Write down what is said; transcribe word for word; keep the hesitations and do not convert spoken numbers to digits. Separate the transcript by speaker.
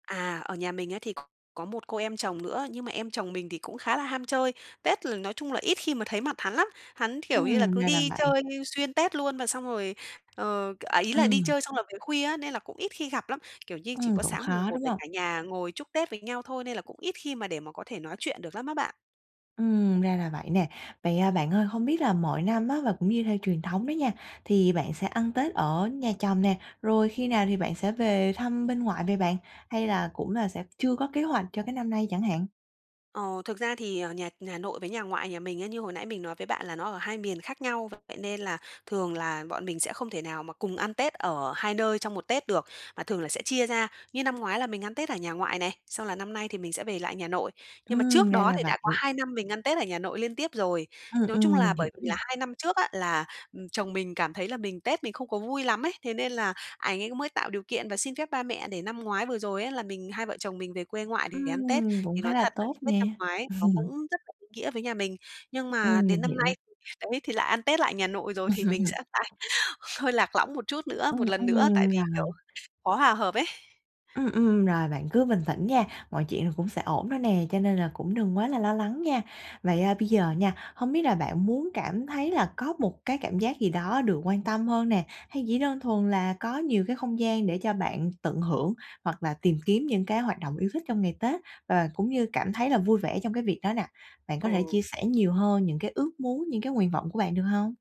Speaker 1: À, ở nhà mình ấy thì có một cô em chồng nữa, nhưng mà em chồng mình thì cũng khá là ham chơi, Tết là nói chung là ít khi mà thấy mặt hắn lắm. Hắn, kiểu như là,
Speaker 2: Ừm,
Speaker 1: cứ
Speaker 2: ra là
Speaker 1: đi
Speaker 2: vậy.
Speaker 1: chơi xuyên Tết luôn và xong rồi, ờ, à, ý là đi
Speaker 2: Ừm.
Speaker 1: chơi xong rồi về khuya á nên là cũng ít khi gặp lắm. Kiểu như, chỉ
Speaker 2: Ừm,
Speaker 1: có
Speaker 2: cũng
Speaker 1: sáng mùng
Speaker 2: khó,
Speaker 1: Một
Speaker 2: đúng
Speaker 1: để
Speaker 2: hông?
Speaker 1: cả nhà ngồi chúc Tết với nhau thôi nên là cũng ít khi mà để mà có thể nói chuyện được lắm á bạn.
Speaker 2: Ừm, ra là vậy nè. Vậy, à, bạn ơi hông biết là mọi năm á và cũng như theo truyền thống đó nha, thì bạn sẽ ăn Tết ở nhà chồng nè, rồi khi nào thì bạn sẽ về thăm bên ngoại vậy bạn, hay là cũng là sẽ chưa có kế hoạch cho cái năm nay chẳng hạn?
Speaker 1: Ồ, thực ra thì, ờ, nhà nhà nội với nhà ngoại nhà mình ấy như hồi nãy mình nói với bạn là nó ở hai miền khác nhau, vậy nên là thường là bọn mình sẽ không thể nào mà cùng ăn Tết ở hai nơi trong một Tết được, mà thường là sẽ chia ra. Như năm ngoái là mình ăn Tết ở nhà ngoại này, xong là năm nay thì mình sẽ về lại nhà nội. Nhưng mà
Speaker 2: Ừm,
Speaker 1: trước
Speaker 2: ra
Speaker 1: đó
Speaker 2: là
Speaker 1: thì đã có
Speaker 2: vậy.
Speaker 1: hai năm mình ăn Tết ở nhà nội liên tiếp rồi,
Speaker 2: Ừm,
Speaker 1: nói chung
Speaker 2: ừm,
Speaker 1: là
Speaker 2: mình hiểu
Speaker 1: bởi vì
Speaker 2: nè.
Speaker 1: là hai năm trước á là, ừm, chồng mình cảm thấy là mình Tết mình không có vui lắm ấy, thế nên là ảnh ấy mới tạo điều kiện và xin phép ba mẹ để năm ngoái vừa rồi ấy là mình hai vợ chồng mình về quê ngoại để ăn Tết,
Speaker 2: Ừm! Cũng
Speaker 1: thì
Speaker 2: khá
Speaker 1: nói
Speaker 2: là
Speaker 1: thật là
Speaker 2: tốt
Speaker 1: cái Tết
Speaker 2: nè.
Speaker 1: năm ngoái nó cũng rất là ý nghĩa với nhà mình. Nhưng mà
Speaker 2: Ừm, mình
Speaker 1: đến năm
Speaker 2: hiểu.
Speaker 1: nay thì đấy thì lại ăn Tết lại nhà nội rồi thì mình sẽ phải hơi lạc lõng một chút nữa
Speaker 2: Ừm,
Speaker 1: một lần nữa tại
Speaker 2: ừm.
Speaker 1: vì, kiểu,
Speaker 2: Rồi.
Speaker 1: khó hòa hợp ấy.
Speaker 2: Ừm, ừm. Rồi bạn cứ bình tĩnh nha, mọi chuyện rồi cũng sẽ ổn thôi nè, cho nên là cũng đừng quá là lo lắng nha. Vậy, à, bây giờ nha, hông biết là bạn muốn cảm thấy là có một cái cảm giác gì đó được quan tâm hơn nè, hay chỉ đơn thuần là có nhiều cái không gian để cho bạn tận hưởng hoặc là tìm kiếm những cái hoạt động yêu thích trong ngày Tết và cũng như cảm thấy là vui vẻ trong cái việc đó nè? Bạn có thể
Speaker 1: Ừ.
Speaker 2: chia sẻ nhiều hơn những cái ước muốn, những cái nguyện vọng của bạn được hông?